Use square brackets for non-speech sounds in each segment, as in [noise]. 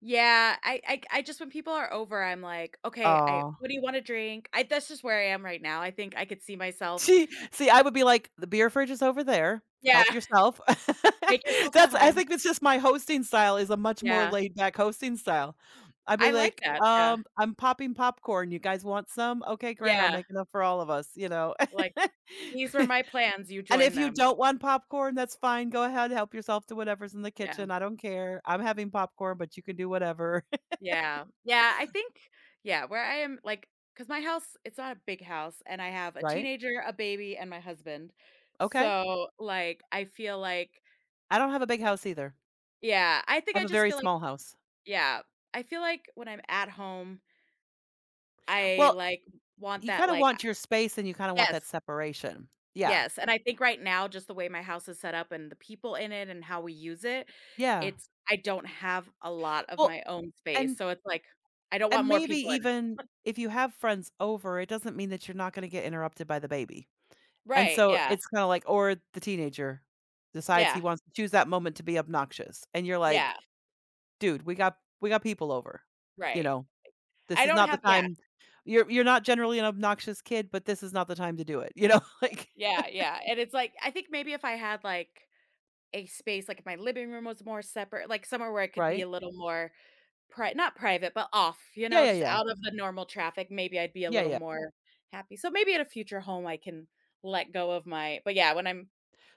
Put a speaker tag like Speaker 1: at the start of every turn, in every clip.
Speaker 1: Yeah, I I I just when people are over, I'm, like, "Okay, I
Speaker 2: Aw.
Speaker 1: what do you wanna drink?" I that's just where I am right now, I think I could see myself
Speaker 2: See see, I would be, like, "The beer fridge is over there,
Speaker 1: Yeah.
Speaker 2: help yourself." [laughs]
Speaker 1: "Make yourself at
Speaker 2: That's I
Speaker 1: home."
Speaker 2: think it's just my hosting style is a much more
Speaker 1: Yeah.
Speaker 2: laid back hosting style. I'd be,
Speaker 1: I like
Speaker 2: like,
Speaker 1: that, yeah.
Speaker 2: "Um, I'm popping popcorn, you guys want some? Okay, great, I'll
Speaker 1: Yeah.
Speaker 2: make enough for all of us," you know.
Speaker 1: Like, these
Speaker 2: [laughs]
Speaker 1: are my plans, you
Speaker 2: "And
Speaker 1: join
Speaker 2: if you
Speaker 1: them.
Speaker 2: don't want popcorn, that's fine, go ahead help yourself to whatever's in the
Speaker 1: Yeah.
Speaker 2: kitchen, I don't care. I'm having popcorn, but, you can do whatever." [laughs]
Speaker 1: Yeah, yeah, I think yeah, where I am like, 'cause my house, it's not a big house, and I have a
Speaker 2: Right.
Speaker 1: teenager, a baby, and my husband,
Speaker 2: Okay.
Speaker 1: so, like, I feel like
Speaker 2: I don't have a big house either.
Speaker 1: Yeah, I think
Speaker 2: I
Speaker 1: I
Speaker 2: have a
Speaker 1: just
Speaker 2: very
Speaker 1: feel like
Speaker 2: small house.
Speaker 1: yeah, I feel like, when I'm at home I,
Speaker 2: Well,
Speaker 1: like, want
Speaker 2: you
Speaker 1: that,
Speaker 2: kinda
Speaker 1: like, a
Speaker 2: want your space and you kinda want that
Speaker 1: yes.
Speaker 2: separation, yeah.
Speaker 1: Yes, and I think right now, just the way my house is set up and the people in it and how we use it,
Speaker 2: Yeah.
Speaker 1: it's I don't have a lot of
Speaker 2: Well
Speaker 1: my own space,
Speaker 2: and
Speaker 1: so it's, like, I don't want
Speaker 2: And
Speaker 1: more
Speaker 2: maybe
Speaker 1: people in
Speaker 2: even
Speaker 1: it.
Speaker 2: if you have friends over, it doesn't mean that you're not gonna get interrupted by the baby. And
Speaker 1: Right,
Speaker 2: so,
Speaker 1: yeah.
Speaker 2: it's kinda, like or the teenager decides he
Speaker 1: Yeah.
Speaker 2: wants to choose that moment to be obnoxious, and you're, like,
Speaker 1: Yeah.
Speaker 2: "Dude, we got we got people over, you
Speaker 1: Right.
Speaker 2: know, this
Speaker 1: I
Speaker 2: is
Speaker 1: don't
Speaker 2: not the
Speaker 1: have yeah.
Speaker 2: time you're you're not generally an obnoxious kid, but, this is not the time to do it," you know, like
Speaker 1: Yeah, yeah,
Speaker 2: [chuckles]
Speaker 1: and it's, like I think maybe if I had, like, a space, like, my living room was more separate like, somewhere where I could be
Speaker 2: Right.
Speaker 1: a little more pri not private, but, off, you
Speaker 2: Yeah,
Speaker 1: know,
Speaker 2: yeah,
Speaker 1: just
Speaker 2: yeah.
Speaker 1: out of the normal traffic, maybe I'd be a
Speaker 2: Yeah,
Speaker 1: little
Speaker 2: yeah.
Speaker 1: more happy. So maybe at a future home I can let go of my but, yeah, when I'm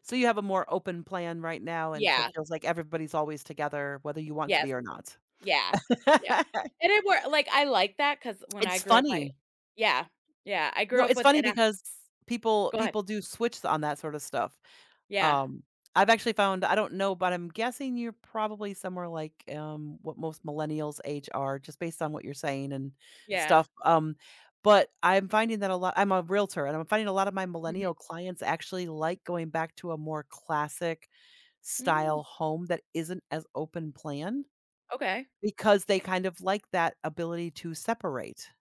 Speaker 2: So you have a more open plan right now, and so it
Speaker 1: Yeah.
Speaker 2: feels like everybody's always together, whether you want to
Speaker 1: Yes,
Speaker 2: be or not.
Speaker 1: yeah, yeah,
Speaker 2: [laughs]
Speaker 1: and it worked like, I like that 'cause when I
Speaker 2: It's
Speaker 1: grew up I
Speaker 2: funny.
Speaker 1: yeah, yeah, I
Speaker 2: No,
Speaker 1: grew up
Speaker 2: it's
Speaker 1: with
Speaker 2: funny
Speaker 1: and I
Speaker 2: because people
Speaker 1: Go ahead.
Speaker 2: people do switch on that sorta stuff.
Speaker 1: Yeah.
Speaker 2: Um, I've actually found I don't know, but I'm guessing you're probably somewhere, like, um, what most millennials age are just based on what you're saying and
Speaker 1: Yeah.
Speaker 2: stuff, um, but, I'm finding that a lot I'm a realtor and I'm finding a lot of my
Speaker 1: Mhm.
Speaker 2: millennial clients actually like going back to a more classic
Speaker 1: Mm.
Speaker 2: style home that isn't as open plan,
Speaker 1: Okay.
Speaker 2: because they kind of like that ability to separate.